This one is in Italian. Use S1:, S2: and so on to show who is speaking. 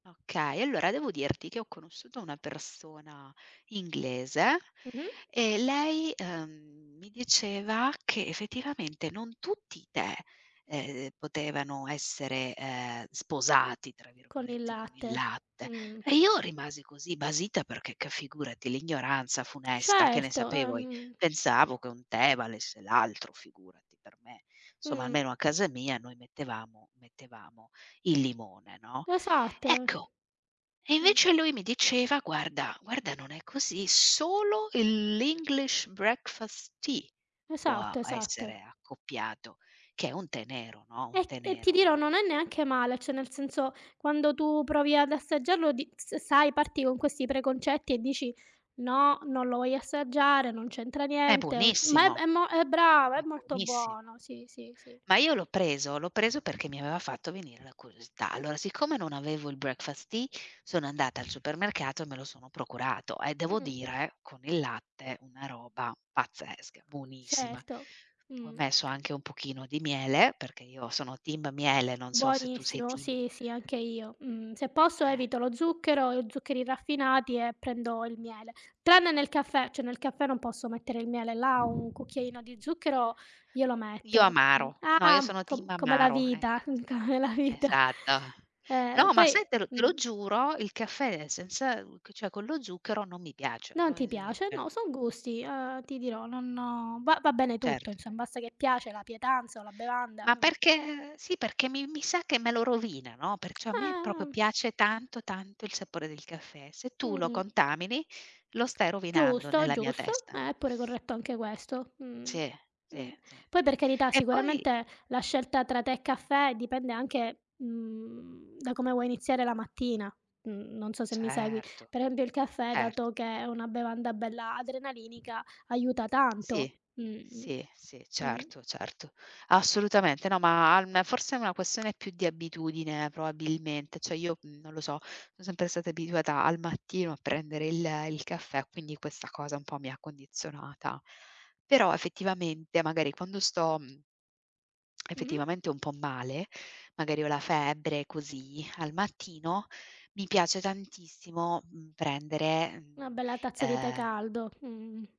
S1: Okay, allora devo dirti che ho conosciuto una persona inglese
S2: Mh-mh.
S1: e lei, uhm, mi diceva che effettivamente non tutti i tè, ehm, potevano essere, ehm, "sposati" tra
S2: Con il
S1: virgolette con il
S2: latte,
S1: latte.
S2: mh.
S1: E io rimasi così basita perché, che figurati l'ignoranza funesta, che ne
S2: Certo, eh,
S1: sapevo i
S2: mh, mh.
S1: pensavo che un tè valesse l'altro, figurati, per me. Insomma
S2: Mh.
S1: almeno a casa mia noi mettevamo mettevamo il limone, no,
S2: Esatto.
S1: ecco, e
S2: Mh.
S1: invece lui mi diceva, guarda guarda, non è così, solo il l' English Breakfast Tea può
S2: Esatto,
S1: essere
S2: esatto.
S1: accoppiato, che è un tè nero, no, un
S2: E
S1: tè
S2: e ti dirò
S1: nero
S2: non è neanche male, cioè nel senso quando tu provi ad assaggiarlo di s sai parti con questi preconcetti e dici: "No, non lo voglio assaggiare, non c'entra
S1: È
S2: niente, o" ma
S1: buonissimo
S2: è mo eh brava,
S1: è
S2: è molto
S1: buonissimo.
S2: buono. Sì, sì, sì.
S1: Ma io l'ho preso l'ho preso perché mi aveva fatto venire la curiosità. Allora siccome non avevo il Breakfast Tea, sono andata al supermercato e me lo sono procurato e devo
S2: Mh-mh.
S1: dire con il latte una roba pazzesca, buonissima.
S2: Certo,
S1: Ho
S2: mh.
S1: messo anche un pochino di miele, perché io sono team miele, non so se tu sei
S2: Buonissimo
S1: team
S2: sì sì anche io, mh. Se posso
S1: Eh.
S2: evito lo zucchero e zuccheri raffinati e prendo il miele. Tranne nel caffè, cioè nel caffè non posso mettere il miele, là un cucchiaino di zucchero glielo
S1: Io
S2: metto, mh.
S1: amaro. No, io
S2: Ah,
S1: sono
S2: co
S1: team
S2: come la
S1: amaro,
S2: vita,
S1: ecco
S2: mh,
S1: cioè.
S2: come la vita.
S1: Esatto!
S2: Eh,
S1: No, ma
S2: poi
S1: sai te te lo
S2: mh.
S1: giuro, il caffè senza cioè con lo zucchero non mi piace,
S2: Non
S1: no
S2: ti
S1: ese
S2: piace.
S1: cioè
S2: No, son gusti, uhm, ti dirò, non non va va bene tutto
S1: Certo.
S2: insomma basta che piace la pietanza o la bevanda,
S1: Ma
S2: uhm
S1: perché sì, perché mi mi sa che me lo rovina, no, perciò a me proprio
S2: Eh.
S1: piace tanto tanto il sapore del caffè. Se tu lo
S2: Mh.
S1: contamini, lo stai rovinando
S2: Giusto,
S1: nella mia
S2: giusto
S1: testa.
S2: è pure corretto anche questo, mh,
S1: Sì, sì,
S2: mh.
S1: sì,
S2: Poi
S1: sì.
S2: per carità
S1: E poi
S2: sicuramente la scelta tra tè e caffè dipende anche, mhmm, da come vuoi iniziare la mattina. Mhmm, non so se mi segui,
S1: Certo,
S2: per esempio il caffè
S1: certo.
S2: dato che è una bevanda bella adrenalinica aiuta tanto,
S1: Sì,
S2: mh,mh,
S1: sì, sì,
S2: mh.
S1: certo, certo. Assolutamente no, ma al forse è una questione più di abitudine probabilmente. Cioè io, mhmm, non lo so, son sempre stata abituata al mattino a prendere il il caffè, quindi questa cosa un po' mi ha condizionata. Però effettivamente magari quando sto, mhmm,
S2: Mh-mh.
S1: effettivamente un po' male, magari ho la febbre così, al mattino, mi piace tantissimo, mhmm, prendere,
S2: Una
S1: mhmm,
S2: bella tazza di tè
S1: uhm
S2: caldo, mh.